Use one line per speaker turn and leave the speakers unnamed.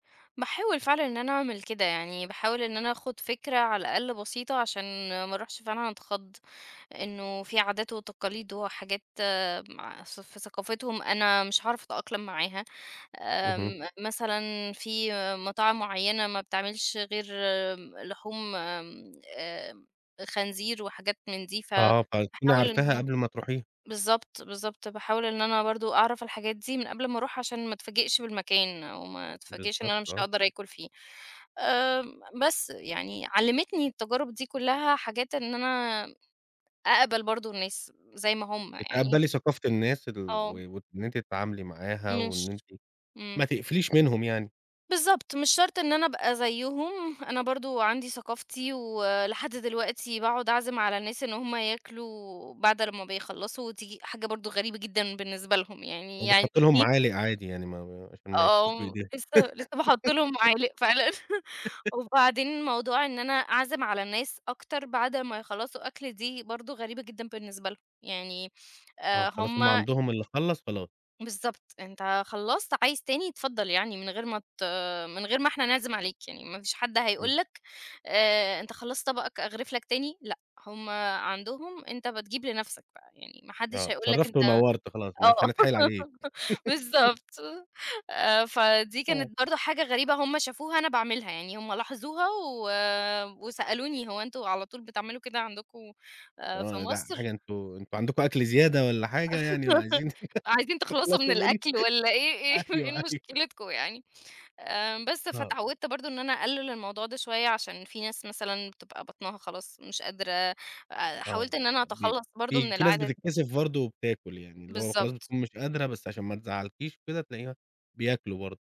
باحاول فعلًا إن أنا أعمل كده، يعني باحاول إن أنا آخد فكرة على الأقل بسيطة عشان ما أروحش فعلًا أتخض، إنّه في عادات وتقاليد وحاجات مع في ثف ثقافتهم أنا مش هاعرف أتأقلم معاها.
أهم.
آمم، مثلًا فيه مطاعم معيّنة ما بتعملش غير امم، لحوم آمم، آآآ، خنزير وحاجات من دي
آه، طيب، تكوني
فباحاول إن
عارفاها
أنا
قبل ما تروحيها؟
بالضبط، بالضبط، باحاول إن أنا برضو أعرف الحاجات دي من قبل ما أروح عشان ما أتفاجئش بالمكان أو ما أتفاجئش إن
بالضبط،
أنا مش
آه.
هأقدر أكل فيه. آآ، م بس يعني علمتني التجارب دي كلّها حاجات إن أنا أقبل برضو الناس، زي ما هم يعني.
بتقبلي ثقافة الناس ال و
آه.
وإن أنتِ تتعاملي معاها،
مش
وإن أنتِ
آمم.
ما تقفليش منهم يعني.
بالضبط، مش شرط إن أنا أبقى زيهم، أنا برضو عندي ثقافتي ولحد دلوقتي باقعد أعزم على الناس إن هم ياكلوا بعد لمّا بيخلصوا، و تييجي حاجة برضو غريبة جدًا بالنسبة لهم يعني يعني
وبتحطي لهم
إيه
معالق عادي يعني، ما ما عشان ما ياكلوش
آه،
بإيدهم.
لسّه لسّه باحط لهم معالق، فعلًا. وبعدين موضوع إن أنا أعزم على الناس أكتر بعد ما يخلصوا أكل، دي برضو غريبة جدًا بالنسبة لهم، يعني
آه،
آآ،
خلاص،
هم
هم عندهم اللي خلَّص خلاص.
بالضبط، أنت خلصت، عايز تاني اتفضل يعني من غير ما ت من غير ما إحنا نعزم عليك يعني ما فيش حد
إمم.
هيقول لك آآ، أنت خلصت طبقك أغرف لك تاني؟ لأ، هم عندهم أنت بتجيب لنفسك بقى يعني ما حدش
آه،
هيقول لك أنت
شرفت ونورت خلاص مش
آه،
هنتحايل عليك.
بالضبط. آآ، فدي
آه.
كانت برضو حاجة غريبة هم شافوها أنا باعملها، يعني هم لاحظوها و وسألوني هو إنتم على طول بتعملوا كده عندكم، آآ في
آه، ده
مصر؟
حاجة أنتم أنتم عندكم أكل زيادة والّا حاجة يعني وعايزين
عايزين تخلصوا من
تخلصوا منه.
الأكل والّا إيه إيه
أيوه،
إيه
أيوه.
مشكلتكم يعني. آآ، بس
آه.
فأتعودت برضو إن أنا أقلل الموضوع ده شويّة، عشان في ناس مثلًا بتبقى بطنها خلاص مش قادرة،
آه،
حاولت إن أنا
بيب
أتخلص برضو
في
من
في ناس
العادة دي.
بتتكسف برضو وبتاكل يعني، اللي هو خلاص
بالضبط.
بتكون مش قادرة، بس عشان ما تزعلكيش كده، تلاقيها بياكلوا برضو.